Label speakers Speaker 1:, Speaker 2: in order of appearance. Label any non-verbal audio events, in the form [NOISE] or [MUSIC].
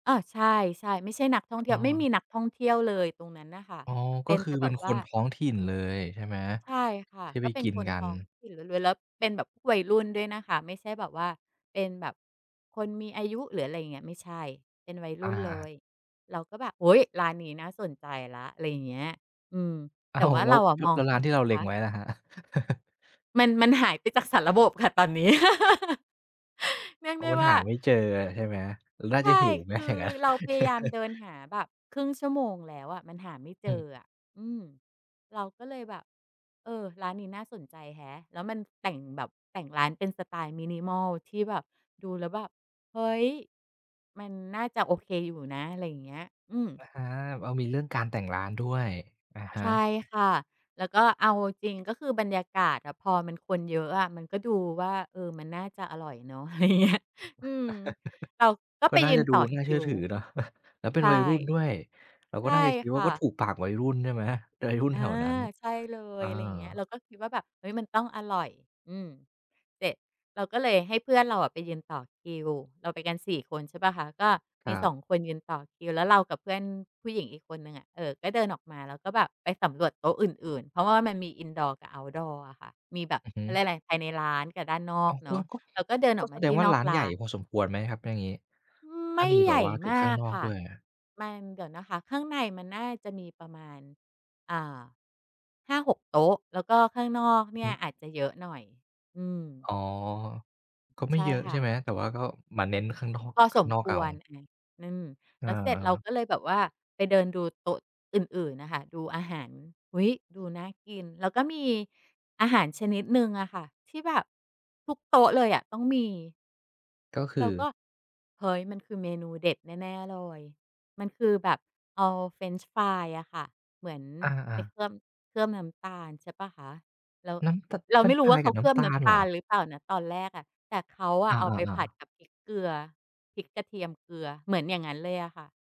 Speaker 1: อา ใช่ ใช่ ไม่ใช่นักท่องเที
Speaker 2: อ
Speaker 1: ่
Speaker 2: ้
Speaker 1: ยว ไม่
Speaker 2: อ
Speaker 1: มีนักท่องเที่ยวเลยตรงนั้นน่ะค่ะ
Speaker 2: อ๋อ
Speaker 1: เ
Speaker 2: ก
Speaker 1: ป
Speaker 2: ็
Speaker 1: ็น
Speaker 2: คื
Speaker 1: แ
Speaker 2: อ
Speaker 1: ต่แ
Speaker 2: เ
Speaker 1: บ
Speaker 2: ป็น
Speaker 1: บ
Speaker 2: ค
Speaker 1: ว่า
Speaker 2: นท้องถิ่นเลยใช่ไหม?
Speaker 1: ใช่ค่ะ
Speaker 2: ที่ไ
Speaker 1: ก
Speaker 2: ป
Speaker 1: ็เป็
Speaker 2: ก
Speaker 1: น
Speaker 2: ิน
Speaker 1: คน
Speaker 2: กั
Speaker 1: ท้
Speaker 2: น
Speaker 1: องถิ่นล้วน ๆ แล้วเป็นแบบพวกวัยรุ่นด้วยนะคะ ไม่ใช่แบบว่าเป็นแบบคนมี อายุ หรืออะไรอย่างเงี้ย ไม่ใช่ เป็นวัยร
Speaker 2: อ
Speaker 1: ุ่นเล
Speaker 2: า
Speaker 1: ย เราก็แบบ "โอ้โฮ ร้านนี้น่าสนใจแล้ว" อะไรอย่างเงี้ย อืม
Speaker 2: อ
Speaker 1: แต
Speaker 2: ้า
Speaker 1: ่
Speaker 2: ว
Speaker 1: ว่า
Speaker 2: แล
Speaker 1: เ
Speaker 2: ้
Speaker 1: ร
Speaker 2: ว
Speaker 1: าอะ
Speaker 2: แล้
Speaker 1: ม
Speaker 2: ว
Speaker 1: อง
Speaker 2: ก
Speaker 1: เข
Speaker 2: ร
Speaker 1: ้
Speaker 2: ้า
Speaker 1: า
Speaker 2: นที่เราเ
Speaker 1: ค
Speaker 2: ล็
Speaker 1: ะ
Speaker 2: งไว้ล่ะครับ? [CHUCKLES]
Speaker 1: มัน มันหายไปจากสารบบค่ะตอนนี้ [LAUGHS] เรียก
Speaker 2: โอ้
Speaker 1: ได้
Speaker 2: มัน
Speaker 1: ว่
Speaker 2: ห
Speaker 1: า
Speaker 2: าไม่เจออะ ใช่ไหม น่า
Speaker 1: ใช
Speaker 2: จะ
Speaker 1: ่
Speaker 2: หิวไหม
Speaker 1: คื
Speaker 2: อย่
Speaker 1: อ
Speaker 2: างงั้น?
Speaker 1: เราพยายาม
Speaker 2: [CHUCKLES]
Speaker 1: เดินหาแบบ 1/2 ชั่วโมงแล้วอะ มันหาไม่เ
Speaker 2: อ
Speaker 1: จ
Speaker 2: ืม
Speaker 1: ออะ อืม เราก็เลยแบบ เออ ร้านนี้น่าสนใจแฮะ แล้วมันแต่งแบบ แต่งร้านเป็นสไตล์ Minimal ที่แบบดูแล้วแบบ เฮ้ย มันน่าจะโอเคอยู่ นะ อะไรอย่างเงี้ย อืม
Speaker 2: อา อ้าว มีเรื่องการ แต่งร้านด้วย อะฮ
Speaker 1: ใช่
Speaker 2: ะ
Speaker 1: ค่ะ แล้วก็เอาจริง ๆ ก็คือบรรยากาศอะ พอมันคนเยอะอะ มันก็ดูว่า เออ มันน่าจะอร่อยเนาะ อะไรอย่างเงี้ย อืม เรา
Speaker 2: [CHUCKLES]
Speaker 1: ก็
Speaker 2: ก็
Speaker 1: ไป
Speaker 2: น่า
Speaker 1: ยื
Speaker 2: จะ
Speaker 1: น
Speaker 2: ดู
Speaker 1: ต่อ
Speaker 2: น
Speaker 1: ค
Speaker 2: ่าเช
Speaker 1: ิ
Speaker 2: ื่อ
Speaker 1: ว
Speaker 2: ถือเนาะ [CHUCKLES] แล้วเป็
Speaker 1: ใช
Speaker 2: น
Speaker 1: ่
Speaker 2: วัยรุ่นด้วย เรา
Speaker 1: ใ
Speaker 2: ก
Speaker 1: ช
Speaker 2: ็
Speaker 1: ่
Speaker 2: น่าจะคิด
Speaker 1: ค
Speaker 2: ว่า
Speaker 1: ่
Speaker 2: ก็ถ
Speaker 1: ะ
Speaker 2: ูกปากวัยรุ่นใช่ไหม? วัยรุ่น
Speaker 1: อ
Speaker 2: แ
Speaker 1: า
Speaker 2: ถวนั้น
Speaker 1: ใช่เล
Speaker 2: อ
Speaker 1: ย
Speaker 2: า
Speaker 1: อะไรอย่างเงี้ย เราก็คิดว่าแบบ เฮ้ย มันต้องอร่อย อืม เสร็จ เราก็เลยให้เพื่อนเราอะไปยืนต่อคิว เราไปกัน 4 คน ใช่เปล่าคะ ก็
Speaker 2: ค
Speaker 1: มี
Speaker 2: รั
Speaker 1: สอ
Speaker 2: บ
Speaker 1: ง คนยืนต่อคิว แล้วเรากับเพื่อนผู้หญิงอีกคนหนึ่งอะ เออ ก็เดินออกมาแล้วก็แบบไปสำรวจโต๊ะอื่น ๆ เพราะว่ามันมี Indoor กับ Outdoor อะค่ะ มีแบบ
Speaker 2: อือฮ
Speaker 1: เ
Speaker 2: ึ
Speaker 1: ขาเรียกไร ภายในร้านกับด้านนอ
Speaker 2: อ๋
Speaker 1: ก
Speaker 2: อ
Speaker 1: เน
Speaker 2: ก
Speaker 1: า
Speaker 2: ็
Speaker 1: ะ
Speaker 2: ก็
Speaker 1: เราก็เดิน
Speaker 2: ก
Speaker 1: อ
Speaker 2: ็
Speaker 1: อกม
Speaker 2: แส
Speaker 1: า
Speaker 2: ด
Speaker 1: ที
Speaker 2: ง
Speaker 1: ่
Speaker 2: ว่า
Speaker 1: นอ
Speaker 2: ร้
Speaker 1: ก
Speaker 2: าน
Speaker 1: ร
Speaker 2: ใหญ
Speaker 1: ้า
Speaker 2: ่
Speaker 1: น
Speaker 2: พอสมควรไหมครับ ถ้าอย่างงี้?
Speaker 1: อือ
Speaker 2: ถ
Speaker 1: ไ
Speaker 2: ้
Speaker 1: ม
Speaker 2: า
Speaker 1: ่
Speaker 2: มี
Speaker 1: ใ
Speaker 2: แ
Speaker 1: ห
Speaker 2: บ
Speaker 1: ญ
Speaker 2: บ
Speaker 1: ่
Speaker 2: ว่าถึ
Speaker 1: มา
Speaker 2: งข้าง
Speaker 1: ก
Speaker 2: นอก
Speaker 1: ค่
Speaker 2: ด
Speaker 1: ะ
Speaker 2: ้วยอะ
Speaker 1: มัน เดี๋ยวนะคะ ข้างในมันน่าจะมีประมาณ อ่า 5-6 โต๊ะ แล้วก็ข้างนอก
Speaker 2: อื
Speaker 1: เน
Speaker 2: อ
Speaker 1: ี
Speaker 2: ฮ
Speaker 1: ่ย
Speaker 2: ื
Speaker 1: อาจจะเยอะหน่อย อืม
Speaker 2: อ๋อ ก็ไม
Speaker 1: ใ
Speaker 2: ่
Speaker 1: ช่
Speaker 2: เยอะ
Speaker 1: ค
Speaker 2: ใช
Speaker 1: ่
Speaker 2: ่
Speaker 1: ะ
Speaker 2: ไหม แต่ว่าก็มาเน้นข้างนอก
Speaker 1: พอ
Speaker 2: ข้
Speaker 1: ส
Speaker 2: าง
Speaker 1: ม
Speaker 2: นอก
Speaker 1: ค
Speaker 2: เอา
Speaker 1: วร อา อืม
Speaker 2: อ
Speaker 1: แล้วเสร็จเรา
Speaker 2: า
Speaker 1: ก็เลยแบบว่าไปเดินดูโต๊ะอื่น ๆ น่ะค่ะ ดูอาหาร อุ๊ย! ดูน่ากิน แล้วก็มีอาหารชนิดหนึ่งอะค่ะ ที่แบบทุกโต๊ะเลยอะต้องมี
Speaker 2: ก็ค
Speaker 1: เร
Speaker 2: ื
Speaker 1: า
Speaker 2: อ?
Speaker 1: ก็ เฮ้ย มันคือเมนูเด็ดแน่ ๆ เลย มันคือแบบเอาเฟรนช์ฟรายอะค่ะ เหมือน
Speaker 2: อ
Speaker 1: ไป
Speaker 2: า
Speaker 1: เ
Speaker 2: ๆ
Speaker 1: คลือบ เคลือบน้ำตาล ใช่เปล่าคะ แล้ว
Speaker 2: น้ำ ต
Speaker 1: เรา
Speaker 2: เฟร
Speaker 1: ไม
Speaker 2: น
Speaker 1: ่
Speaker 2: ช์
Speaker 1: รู
Speaker 2: ฟร
Speaker 1: ้ว
Speaker 2: า
Speaker 1: ่า
Speaker 2: ย
Speaker 1: เข
Speaker 2: ก
Speaker 1: า
Speaker 2: ับน
Speaker 1: เค
Speaker 2: ้
Speaker 1: ลือบ
Speaker 2: ำตา
Speaker 1: น้
Speaker 2: ล
Speaker 1: ำต
Speaker 2: เหร
Speaker 1: า
Speaker 2: อ?
Speaker 1: ลหรือเปล่านะตอนแรกอะ แต่เขาอ
Speaker 2: อ
Speaker 1: ะเอาไปผ
Speaker 2: า
Speaker 1: ัด
Speaker 2: ๆ ๆ
Speaker 1: กับพริกเกลือ พริกกระเทียมเกลือ เหมือนอย่างงั้นเลยอะค่ะ